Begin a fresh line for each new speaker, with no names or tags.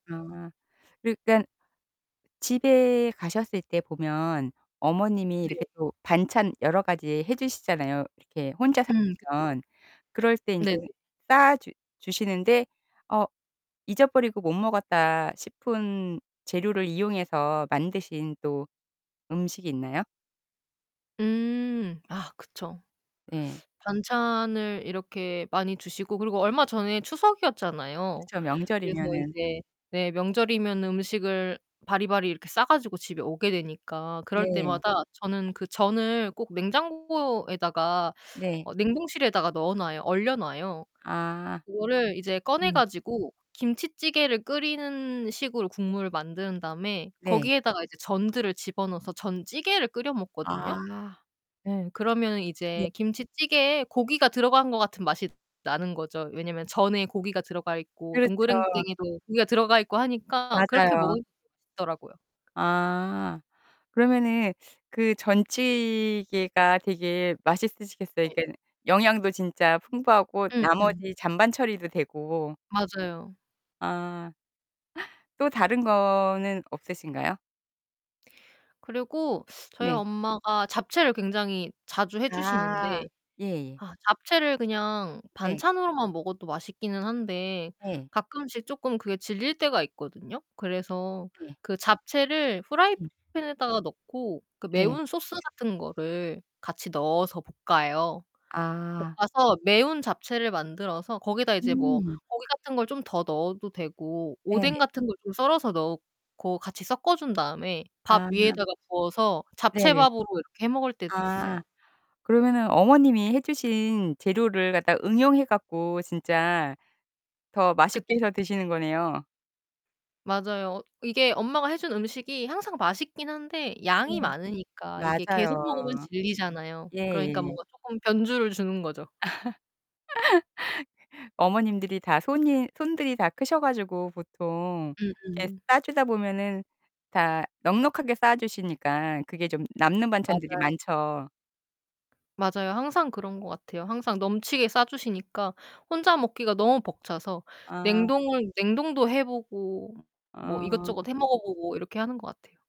아. 그러니깐 집에 가셨을 때 보면 어머님이 이렇게
네.
또 반찬 여러 가지 해 주시잖아요 이렇게 혼자
음. 그쵸.
살면. 그럴 때 인제
네네.
싸 주 주시는데, '어 잊어버리고 못 먹었다.' 싶은 재료를 이용해서 만드신 또 음식이 있나요?
음. 아, 그쵸.
네.
반찬을 이렇게 많이 주시고 그리고 얼마 전에 추석이었잖아요.
그쵸
그래서
명절이면은
이제 네 명절이면은 음식을 바리바리 이렇게 싸 가지고 집에 오게 되니까 그럴
네.
때마다 저는 그 전을 꼭 냉장고에다가
네.
어 냉동실에다가 넣어놔요. 얼려놔요.
아.
그거를 이제 꺼내
네.
가지고 김치찌개를 끓이는 식으로 국물을 만든 다음에
네.
거기에다가 이제 전들을 집어넣어서 전 찌개를 끓여 먹거든요.
아.
네, 그러면은
네.
이제 김치찌개에 고기가 들어간 것 같은 맛이 나는거죠. 왜냐면 전에 고기가 들어가 있고
그렇죠.
동그랑땡에도 고기가 들어가 있고 하니까 그렇게
맞아요.
먹으면 [unintelligible] 더라고요.
아. 그러면은 그 전찌개가 되게 맛있으시겠어요.
네.
그러니까는 영양도 진짜 풍부하고
음음.
나머지 잔반 처리도 되고
맞아요.
아. 또 다른 거는 없으신가요?
그리고 저희
네.
엄마가 잡채를 굉장히 자주 해 주시는데
아. 예예.
아 잡채를 그냥
네.
반찬으로만 먹어도 맛있기는 한데
네.
가끔씩 쪼끔 그게 질릴 때가 있거든요. 그래서
네.
그 잡채를
음.
프라이팬에다가 넣고 그
네.
매운 소스 같은 거를 같이 넣어서 볶아요.
아.
볶아서 매운 잡채를 만들어서 거기다 이제 뭐
음.
고기 같은 걸 좀 더 넣어도 되고 오뎅
네네.
같은 걸 좀 썰어서 넣고 같이 섞어 준 다음에 밥
아.
위에다가 부어서
네네.
잡채밥으로 이렇게 해 먹을 때도 있어요.
아. 그러면은 어머님이 해 주신 재료를 갖다가 응용해 갖고 진짜 더 맛있게
그쵸.
해서 드시는 거네요.
맞아요. 이게 엄마가 해 준 음식이 항상 맛있기는 한데
네.
양이 많으니까 이게
맞아요.
계속 먹으면 질리잖아요. 그러니까
예예.
뭔가 쪼끔 변주를 주는 거죠.
어머님들이 다 손이 손들이 다 크셔 가지고 보통 이렇게
음음.
싸 주다 보면은 다 넉넉하게 싸 주시니까 그게 좀 남는 반찬들이
맞아요.
많죠.
맞아요. 항상 그런 것 같아요. 항상 넘치게 싸 주시니까 혼자 먹기가 너무 벅차서
아.
냉동을 냉동도 해 보고 뭐
아.
이것저것 해 먹어 보고 이렇게 하는 것 같아요.